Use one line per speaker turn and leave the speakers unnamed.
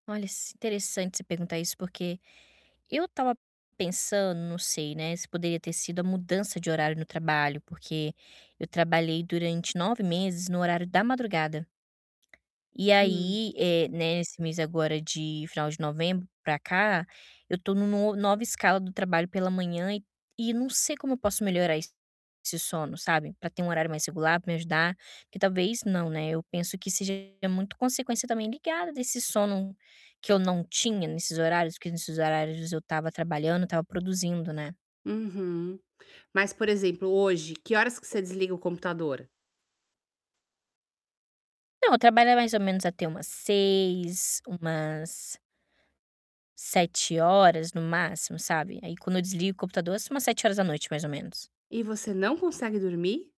Olha, s interessante você perguntar isso, porque eu tava pensando, não sei, né, se poderia ter sido a mudança de horário no trabalho, porque eu trabalhei durante 9 meses no horário da madrugada. E
Hum.
aí, eh, né, esse mês agora de final de novembro pra cá, eu tô nu nova escala do trabalho pela manhã e e não sei como eu posso melhorar esse sono, sabe, pra ter um horário mais regular, pra me ajudar. Que talvez não, né, eu penso que seja muito consequência também ligada desse sono que eu não tinha nesses horários, que nesses horários eu estava trabalhando, estava produzindo, né?
Uhum. Mas, por exemplo, hoje, que horas que você desliga o computador?
Não, eu trabalhar mais ou menos, até umas 18h, umas 19h no máximo, sabe, aí quando eu desligo o computador, assim umas 19h, mais ou menos.
E você não consegue dormir?